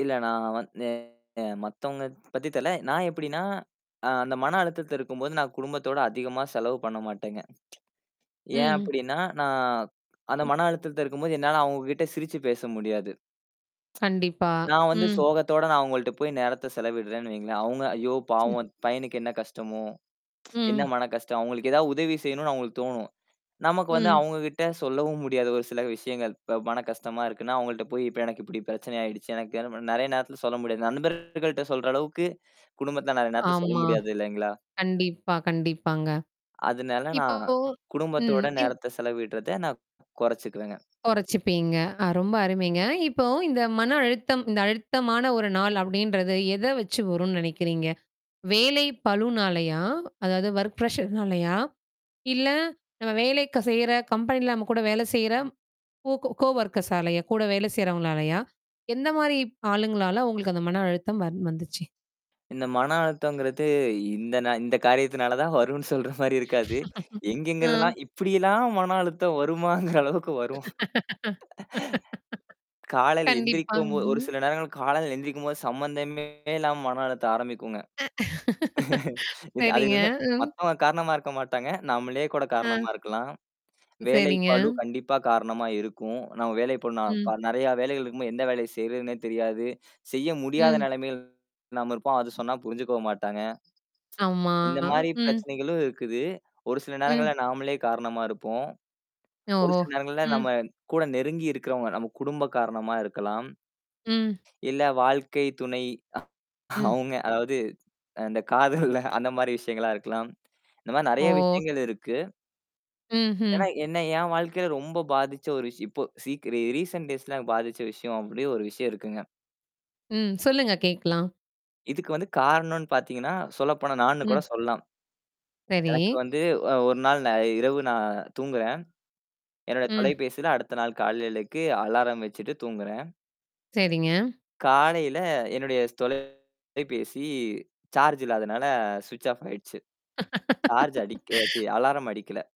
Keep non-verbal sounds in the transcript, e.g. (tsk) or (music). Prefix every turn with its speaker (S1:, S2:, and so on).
S1: இல்ல நான் வந்து, அ மத்தவங்க பத்தி தெரில. நான் எப்பிடின்னா? அ அந்த மன அழுத்தத்துல இருக்கும்போது, நான் குடும்பத்தோட அதிகமா செலவு பண்ண மாட்டேங்க (tsk)
S2: ம்,
S1: ஏன்
S2: ம்.
S1: அப்பிடின்னா? நான் அந்த
S2: ம்.
S1: மன அழுத்தத்துல இருக்கும்போது, என்னால அவுங்கக்கிட்ட சிரிச்சு பேச முடியாது.
S2: கண்டிப்பா.
S1: (tsk) நான் வந்து
S2: ம்.
S1: சோகத்தோட நான் அவுங்கள்ட்ட போயி நேரத்த செலவிடுறேன்னு வைங்களேன்! அவுங்க, "ஐயோ! பாவம் பையனுக்கு என்ன கஷ்டமோ? (tsk) என்ன
S2: ம்.
S1: மனக்கஷ்டம்" அவுங்களுக்கு ஏதாவது உதவி செய்யணுன்னு அவுங்களுக்கு தோணும். நமக்கு வந்து,
S2: ம்.
S1: அவுங்கக்கிட்ட சொல்லவும் முடியாது, ஒரு சில விஷயங்கள். இப்ப மனக்கஷ்டமா இருக்குன்னு, அவுங்கள்ட்ட போய், "இப்ப எனக்கு இப்பிடி பிரச்சனை ஆயிடுச்சு. எனக்கு என்ன பண்?" நெறையா நேரத்துல சொல்ல முடியாது. நண்பர்கள்ட்ட சொல்ற அளவுக்கு, குடும்பத்துல நான் அந்த நேரத்தில சொல்ல
S2: ஆமா.
S1: முடியாது இல்லேங்களா!
S2: கண்டிப்பா, கண்டிப்பாங்க.
S1: அதுனால,
S2: இப்போ
S1: நான்
S2: ம்,
S1: குடும்பத்தோட நேரத்த செலவிடுறத நான் கொறச்சிக்குவேங்க.
S2: கொறச்சுப்பீங்க. அ, ரொம்ப அருமைங்க. இப்போ, "இந்த மன அழுத்தம், இந்த அழுத்தமான ஒரு நாள்" அப்பிடின்றது, எத வச்சு வருன்னு நெனைக்கிறீங்க? வேலை பளுனாலயா? அதாவது ஒர்க் ப்ரெஷர்னாலயா? இல்ல, நம்ம வேலைக்க செய்ற கம்பெனில நம்ம கூட வேலை செய்ற, கோ கோ கோ ஒர்க்கர்ஸ்ஸாலயா? கூட வேலை செய்றவங்களாலயா? எந்தமாரி ஆளுங்களால உங்களுக்கு அந்த மன அழுத்தம் வந் வந்துச்சு!
S1: இந்த மன அழுத்தம்ங்குறது, இந்த நா இந்தக் காரியத்துனால தான் வரும்ன்னு சொல்ற மாரி இருக்காது.
S2: (laughs) ஆ,
S1: எங்கேங்கருந்துல்லாம் இப்பிடியெல்லாம் மன அழுத்தம் வருமாங்குற அளவுக்கு வரும். (laughs)
S2: (laughs)
S1: காலையில எந்திரிக்கும்போ ஒரு
S2: கண்டிப்பாங்க.
S1: சில நேரங்கள்ல காலையில எந்திரிக்கும்போது, சம்பந்தமே இல்லாம மன அழுத்தம் ஆரம்பிக்குங்க.
S2: அ,
S1: (laughs) இந்த அது
S2: சரிங்க.
S1: வந்து
S2: ம்.
S1: மத்தவங்க காரணமா இருக்க மாட்டாங்க. நம்மளே கூட காரணமா
S2: அ.
S1: இருக்கலாம்.
S2: சரிங்க.
S1: வேலைப்பளு கண்டிப்பா காரணமா இருக்கும். நம்ம வேலைப் பளு
S2: ம்.
S1: நான்ப நெறையா வேலைகள் இருக்கும்போது. எந்த வேலைய செய்யிறதுன்னே தெரியாது. செய்ய முடியாத
S2: ம்.
S1: நெலமையில் நாம இருப்போம். அது சொன்னா புரிஞ்சுக்கவும் மாட்டாங்க.
S2: ஆமா
S1: இந்தமாரி
S2: ம்.
S1: பிரச்சனைகளும் இருக்குது. ஒரு சில
S2: ம்.
S1: நேரங்கள்ல நாமளே காரணமா இருப்போம். ஒரு
S2: ஓஹோ!
S1: சில நேரங்கள்ல
S2: ம்.
S1: நம்ம கூட நெருங்கி இருக்கிறவங்க, நம்ம குடும்ப காரணமா இருக்கலாம்.
S2: ம்.
S1: இல்ல வாழ்க்கை துணை
S2: ம்.
S1: அவுங்க அதாவது, அ அந்தக் காதல்ல அந்தமாரி விஷயங்களா இருக்கலாம். இந்தமாரி நெறையா
S2: ஓ!
S1: விஷயங்கள் இருக்கு.
S2: ம்ஹ்ம்.
S1: ஏன்னா, என்ன என் வாழ்க்கையில ரொம்ப பாதிச்ச ஒரு விஷய இப்போ சீக்கிர ஏ ரீசன்ட் டேய்ஸ்ல பாதிச்ச விஷயம் அப்பிடி ஒரு விஷயம் இருக்குங்க.
S2: ம், சொல்லுங்க கேக்கலாம்.
S1: இதுக்கு வந்து காரணன்னு பாத்தீங்கன்னா, சொல்லப்போனா, நானு
S2: ம்.
S1: கூடச் சொல்லலாம்.
S2: சரி.
S1: எனக்கு வந்து அ ஒருநாள் நான் இரவு நான் தூங்குறேன். என்னுடைய
S2: ம்.
S1: தொலைபேசியில, அடுத்த நாள் காலையிலக்கு அலாரம் வெச்சிட்டு தூங்குறேன்.
S2: சரிங்க.
S1: காலையில, என்னுடைய தொலைபேசி சார்ஜ் இல்லாதனால ஸ்விச் ஆஃப் ஆயிடுச்சு. சார்ஜ் அடிக்க சீ
S2: (laughs)
S1: அலாரம் அடிக்கல.